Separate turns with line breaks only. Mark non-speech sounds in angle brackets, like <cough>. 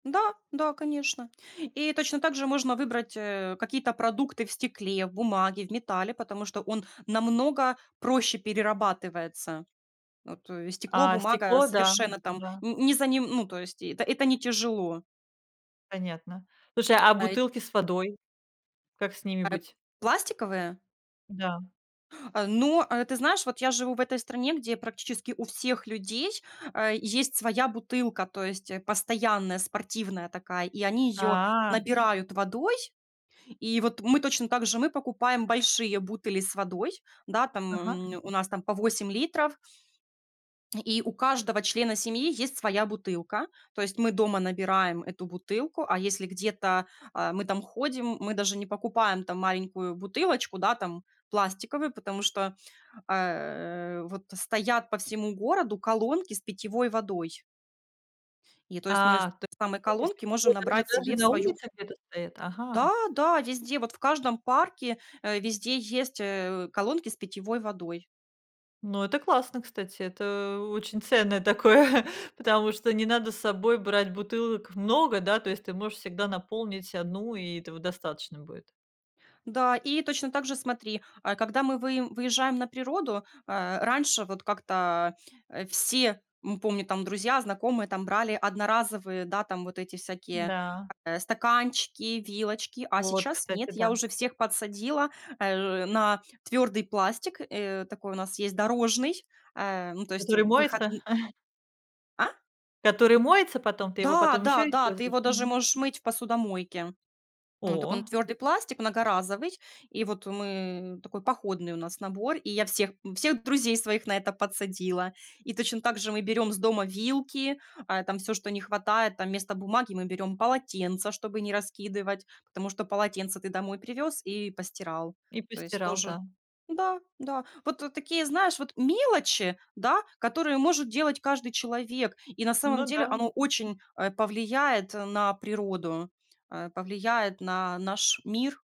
Да, да, конечно. И точно так же можно выбрать, э, какие-то продукты в стекле, в бумаге, в металле, потому что он намного проще перерабатывается. Вот стекло,
А
бумага
стекло, да,
совершенно там
да.
не не за ним, ну, то есть это это не тяжело.
Понятно. Слушай, а
А, эть
бутылки с водой? Как с ними
А, эп
быть?
пластиковые?
Да.
Э, ну, э, ты знаешь, вот я живу в этой стране, где практически у всех людей, э, есть своя бутылка. То есть, э, постоянная спортивная такая, и они её
А.
набирают водой. И вот мы точно так же. Мы покупаем большие бутыли с водой. Да, там
Ага.
м мнь у нас там по 8 литров И у каждого члена семьи есть своя бутылка. То есть мы дома набираем эту бутылку, а если где-то, э, мы там ходим, мы даже не покупаем там маленькую бутылочку, да, там пластиковую, потому что, э, э, вот стоят по всему городу колонки с питьевой водой. и то есть мы с
А, то
самой
есть <unintelligible> с
колонки можем
питьевой даже
набрать
даже
себе в
на
свою
улицах где-то стоят? Ага.
Да, да, везде вот, в каждом парке, э, везде есть, э, колонки с питьевой водой.
Ну, это классно, кстати, это очень ценное такое. <chuckles> Потому что не надо с собой брать бутылок много, да, то есть ты можешь всегда наполнить 1, и этого достаточно будет.
Да, и точно так же смотри: э, когда мы выем выезжаем на природу, э, раньше вот как-то, э, все- мы помню там, друзья, знакомые там- брали одноразовые, да, там вот эти всякие,
Да.
э, стаканчики, вилочки. А
Вот,
сейчас
кстати,
нет.
да.
Я уже всех подсадила, э, на твёрдый пластик, э, такой у нас есть дорожный. Э, ну, то есть
Который
в
моется?
выходн А?
Который моется потом? Ты его
Да,
потом ещё
да, да. Ты
используешь?
его даже
Мгм.
можешь мыть в посудомойке. М, он такой,
О.
он твёрдый пластик, многоразовый. И вот, э, мы такой походный у нас набор, и я всех, м, всех друзей своих на это подсадила. И точно так же мы берём с дома вилки. Э, там всё, что не хватает, там вместо бумаги мы берём полотенца, чтобы не раскидывать. Потому что полотенце ты домой привёз и постирал.
И
То есть
постирал,
тоже
да.
Да, да. Вот, э, такие, знаешь, вот мелочи, да, которые может делать каждый человек. И на самом
Ну
деле
да.
оно очень, э, повлияет на природу, э, повлияет на наш мир.